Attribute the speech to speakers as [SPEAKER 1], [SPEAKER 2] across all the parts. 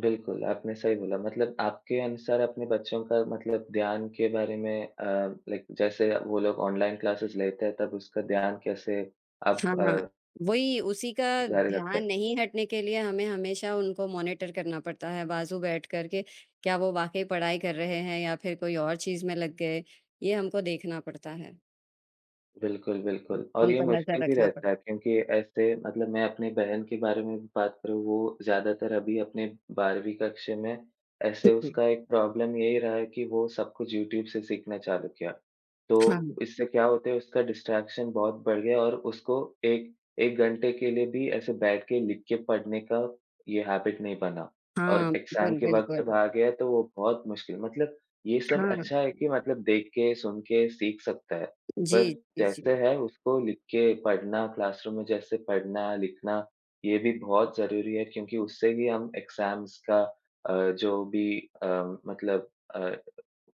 [SPEAKER 1] बिल्कुल, आपने सही बोला। मतलब आपके अनुसार अपने बच्चों का मतलब ध्यान के बारे में अ, लाइक जैसे वो लोग ऑनलाइन क्लासेज़ लेते हैं तब उसका ध्यान कैसे आप
[SPEAKER 2] हाँ, हाँ।
[SPEAKER 1] अ
[SPEAKER 2] वही उसी का
[SPEAKER 1] जारी
[SPEAKER 2] ध्यान
[SPEAKER 1] रखते?
[SPEAKER 2] नहीं हटने के लिए हमें हमेशा उनको मॉनिटर करना पड़ता है बाजू बैठकर के, क्या वो वाक़ई पढ़ाई कर रहे हैं या फिर कोई और चीज़ में लग गए, ये हमको देखना पड़ता है।
[SPEAKER 1] बिल्कुल, बिल्कुल। और
[SPEAKER 2] उन
[SPEAKER 1] ये
[SPEAKER 2] पर नज़र
[SPEAKER 1] मुश्किल भी
[SPEAKER 2] रखना पड़
[SPEAKER 1] रहता है क्योंकि ऐसे मतलब मैं अपनी बहन के बारे में भी बात करूँ वो ज़्यादातर अभी अपने 12वीं कक्षा में, ऐसे
[SPEAKER 2] बिल्कुल।
[SPEAKER 1] उसका एक प्रॉब्लम यही रहा है कि वो सब कुछ यूट्यूब से सीखना चालू किया। तो
[SPEAKER 2] हाँ।
[SPEAKER 1] इससे क्या होता है उसका डिस्ट्रैक्शन बहुत बढ़ गया और उसको एक 1 घंटे के लिए भी ऐसे बैठ के लिख के पढ़ने का ये हैबिट नहीं बना और
[SPEAKER 2] हाँ।
[SPEAKER 1] एग्ज़ाम
[SPEAKER 2] बिल्कुल,
[SPEAKER 1] के वक़्त जब
[SPEAKER 2] बिल्कुल।
[SPEAKER 1] आ गया तो वो बहुत मुश्किल मतलब ये सब
[SPEAKER 2] हाँ।
[SPEAKER 1] अच्छा है कि मतलब देख के, सुन के सीख सकता है, पर
[SPEAKER 2] जी, जी,
[SPEAKER 1] जैसे
[SPEAKER 2] जी।
[SPEAKER 1] है उसको लिख के पढ़ना, क्लासरूम में जैसे पढ़ना-लिखना, ये भी बहुत ज़रूरी है क्योंकि उससे भी हम एग्ज़ाम्स का अ, जो भी अ, मतलब अ,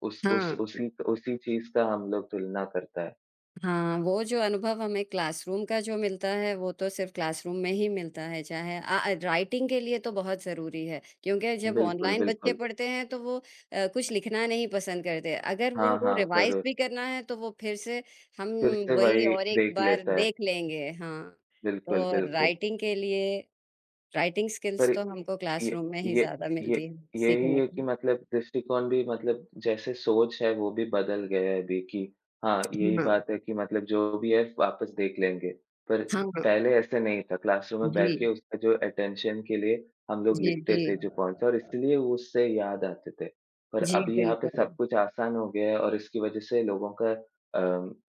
[SPEAKER 1] उस उस
[SPEAKER 2] हाँ।
[SPEAKER 1] उसी उसी चीज़ का हम लोग तुलना करता है।
[SPEAKER 2] हाँ, वो जो अनुभव हमें क्लासरूम का जो मिलता है, वो तो सिर्फ क्लासरूम में ही मिलता है चाहे अ, ए, राइटिंग के लिए तो बहुत ज़रूरी है, क्योंकि जब
[SPEAKER 1] बिल्कुल,
[SPEAKER 2] ऑनलाइन बच्चे
[SPEAKER 1] बिल्कुल।
[SPEAKER 2] पढ़ते हैं तो वो अ, कुछ लिखना नहीं पसंद करते। अगर वो
[SPEAKER 1] हाँ,
[SPEAKER 2] उनको
[SPEAKER 1] हाँ,
[SPEAKER 2] रिवाइज़
[SPEAKER 1] ज़रूर।
[SPEAKER 2] भी करना है तो वो फिर से हम
[SPEAKER 1] फिर से
[SPEAKER 2] वही
[SPEAKER 1] वही
[SPEAKER 2] और एक
[SPEAKER 1] देख
[SPEAKER 2] बार
[SPEAKER 1] लेता है।
[SPEAKER 2] देख लेंगे हाँ,
[SPEAKER 1] बिल्कुल,
[SPEAKER 2] तो
[SPEAKER 1] बिल्कुल।
[SPEAKER 2] राइटिंग के लिए राइटिंग
[SPEAKER 1] पर
[SPEAKER 2] स्किल्स तो हमको
[SPEAKER 1] ये
[SPEAKER 2] क्लासरूम में ही
[SPEAKER 1] ये
[SPEAKER 2] ज़्यादा
[SPEAKER 1] ये
[SPEAKER 2] मिलती है,
[SPEAKER 1] यही
[SPEAKER 2] सीखने
[SPEAKER 1] है कि
[SPEAKER 2] को।
[SPEAKER 1] मतलब दृष्टिकोण भी मतलब जैसे सोच है वो भी बदल गया है अभी कि हाँ,
[SPEAKER 2] हुँ,
[SPEAKER 1] यही
[SPEAKER 2] हाँ।
[SPEAKER 1] बात है कि मतलब जो भी है वापस देख लेंगे। पर
[SPEAKER 2] हाँ, हाँ।
[SPEAKER 1] पहले ऐसा नहीं था क्लासरूम में बैठ के
[SPEAKER 2] जी।
[SPEAKER 1] उसका जो अटेंशन के लिए हम लोग
[SPEAKER 2] जी,
[SPEAKER 1] लिखते थे,
[SPEAKER 2] जी।
[SPEAKER 1] जो पॉइंट्स और इसलिए उससे याद आते थे। पर
[SPEAKER 2] जी,
[SPEAKER 1] अभी यहाँ पे सब
[SPEAKER 2] बिल्कुल।
[SPEAKER 1] कुछ आसान हो गया है और इसकी वजह से लोगों का अ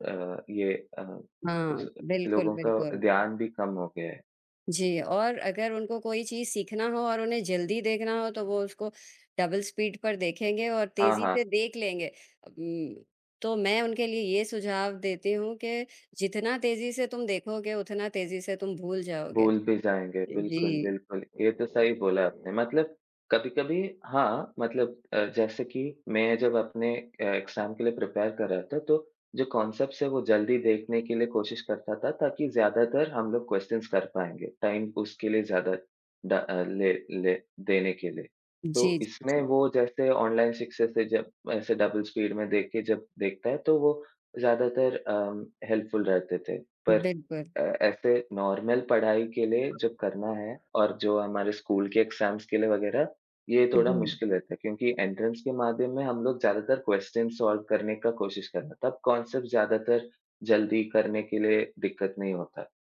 [SPEAKER 1] अ, ये अ,
[SPEAKER 2] हाँ।
[SPEAKER 1] उस
[SPEAKER 2] बिल्कुल,
[SPEAKER 1] लोगों का
[SPEAKER 2] बिल्कुल।
[SPEAKER 1] ध्यान भी कम हो गया है।
[SPEAKER 2] जी, और अगर उनको कोई चीज़ सीखना हो और उन्हें जल्दी देखना हो तो वो उसको डबल स्पीड पर देखेंगे और
[SPEAKER 1] हाँ,
[SPEAKER 2] तेज़ी
[SPEAKER 1] हाँ।
[SPEAKER 2] से देख लेंगे अ, उम्म, तो मैं उनके लिए ये सुझाव देती हूँ कि जितना तेज़ी से तुम देखोगे, उतना तेज़ी से तुम भूल जाओगे। अ,
[SPEAKER 1] भूल भी जाएँगे बिल्कुल,
[SPEAKER 2] जी।
[SPEAKER 1] बिल्कुल, ये तो सही बोला आपने मतलब कभी-कभी हाँ, मतलब अ, जैसे कि मैं जब अपने अ, एग्ज़ाम के लिए प्रिपेयर कर रहा था तो जो कॉन्सेप्ट्स हैं वो जल्दी देखने के लिए कोशिश करता था ताकि ज़्यादातर हम लोग क्वेश्चन्स कर पाएँगे टाइम उसके लिए ज़्यादा ड़ अ, ले ले देने के लिए, तो
[SPEAKER 2] जी, जी,
[SPEAKER 1] इसमें
[SPEAKER 2] जी।
[SPEAKER 1] वो जैसे ऑनलाइन सक्सेस है जब ऐसे डबल स्पीड में देख के जब देखता है तो वो ज़्यादातर अम, हेल्पफुल रहते थे। पर
[SPEAKER 2] बिल्कुल।
[SPEAKER 1] अ, ऐसे नॉर्मल पढ़ाई के लिए जब करना है और जो हमारे स्कूल के एग्ज़ाम्स के लिए वगैरह, ये थोड़ा
[SPEAKER 2] उहुँ।
[SPEAKER 1] मुश्किल रहता है क्योंकि एंट्रेंस के माध्यम में हम लोग ज़्यादातर क्वेश्चन्स सॉल्व करने का कोशिश करना तब कॉन्सेप्ट ज़्यादातर जल्दी करने के लिए दिक्कत नहीं होता।